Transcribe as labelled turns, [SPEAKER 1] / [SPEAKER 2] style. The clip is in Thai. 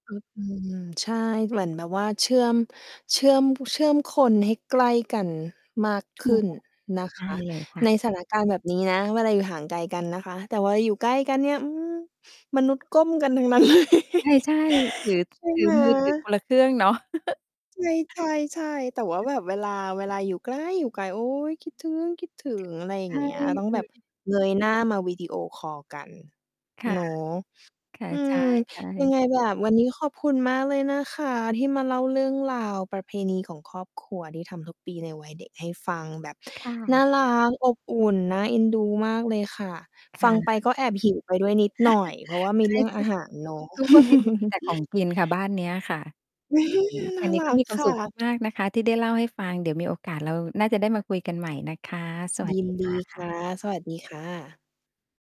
[SPEAKER 1] อืม ใช่ เหมือนแบบว่าเชื่อม เชื่อม เชื่อมคนให้ใกล้กันมากข
[SPEAKER 2] ถ
[SPEAKER 1] ึ
[SPEAKER 2] ู
[SPEAKER 1] ้น
[SPEAKER 2] ก
[SPEAKER 1] นะค
[SPEAKER 2] ได้
[SPEAKER 1] ะ
[SPEAKER 2] เลยค่
[SPEAKER 1] ใน
[SPEAKER 2] ะ
[SPEAKER 1] สถานการณ์แบบนี้นะ เวลาอยู่ห่างไกลกัน นะคะ แต่เวลาอยู่ใกล้กันเนี่ย อืม มนุษย์ก้มกันทั้งนั้น เลย
[SPEAKER 2] ใช่ ๆ ถือ
[SPEAKER 1] ใช่
[SPEAKER 2] ถื
[SPEAKER 1] ไ
[SPEAKER 2] อ
[SPEAKER 1] หม?
[SPEAKER 2] มือถือคนละเครื่องเนาะ
[SPEAKER 1] ใช่ ๆ ๆ แต่ว่า
[SPEAKER 2] ค่
[SPEAKER 1] แบ
[SPEAKER 2] ะ
[SPEAKER 1] บเวลา เวลาอยู่ไกล อยู่ไกล โอ๊ย คิดถึงคิดถ
[SPEAKER 2] ไป
[SPEAKER 1] ึ
[SPEAKER 2] เถอ
[SPEAKER 1] ง
[SPEAKER 2] ะ
[SPEAKER 1] อะไรอย
[SPEAKER 2] ใ
[SPEAKER 1] ่
[SPEAKER 2] ช
[SPEAKER 1] าง
[SPEAKER 2] ่
[SPEAKER 1] เงี้ย ต้อง
[SPEAKER 2] ค
[SPEAKER 1] แ
[SPEAKER 2] ื
[SPEAKER 1] บ
[SPEAKER 2] อ
[SPEAKER 1] บเงยหน้ามาวิดีโอคอลกัน
[SPEAKER 2] ค่
[SPEAKER 1] เ
[SPEAKER 2] ะ
[SPEAKER 1] นาะ
[SPEAKER 2] ค่ะ
[SPEAKER 1] อื
[SPEAKER 2] ใช่
[SPEAKER 1] ม
[SPEAKER 2] ใช
[SPEAKER 1] ยัง
[SPEAKER 2] ่
[SPEAKER 1] ไงแบบวันนี้ขอบคุณมากเลยนะคะ ที่มาเล่าเรื่องราวประเพณีของครอบครัวที่ทำทุกปีในวัยเด็กให้ฟัง แบบ
[SPEAKER 2] ค่
[SPEAKER 1] น่า
[SPEAKER 2] ะ
[SPEAKER 1] รัก อบอุ่น น่าเอ็นดูมากเลยค่ะ
[SPEAKER 2] ค
[SPEAKER 1] ฟั
[SPEAKER 2] ่
[SPEAKER 1] งไป
[SPEAKER 2] ะ
[SPEAKER 1] ก็แอบ หิว ไปด้วยนิดหน่อย เพราะว่าม
[SPEAKER 2] ใช
[SPEAKER 1] ี
[SPEAKER 2] ่
[SPEAKER 1] เรื่อง
[SPEAKER 2] ท
[SPEAKER 1] อ
[SPEAKER 2] ุ
[SPEAKER 1] า
[SPEAKER 2] ก
[SPEAKER 1] หารเนาะ
[SPEAKER 2] ทุกประเพณีมีแต่ของกินค่ะบ้านเนี้ยค่ะ อืม
[SPEAKER 1] น
[SPEAKER 2] ท
[SPEAKER 1] ่
[SPEAKER 2] า
[SPEAKER 1] า
[SPEAKER 2] งนี้
[SPEAKER 1] ร
[SPEAKER 2] ก็
[SPEAKER 1] ัก
[SPEAKER 2] มีควา
[SPEAKER 1] ค
[SPEAKER 2] มส
[SPEAKER 1] ่
[SPEAKER 2] ุข
[SPEAKER 1] ะ
[SPEAKER 2] มาก ๆ นะคะที่ได้เล่าให้ฟัง เดี๋ยวมีโอกาสเราน่าจะได้มาคุยกันใหม่นะคะ สว
[SPEAKER 1] ย
[SPEAKER 2] ัส
[SPEAKER 1] ิ
[SPEAKER 2] ด
[SPEAKER 1] น
[SPEAKER 2] ี
[SPEAKER 1] ด
[SPEAKER 2] ค
[SPEAKER 1] ี
[SPEAKER 2] ่
[SPEAKER 1] ค
[SPEAKER 2] ะ
[SPEAKER 1] ่ะ สวัสดีค่ะ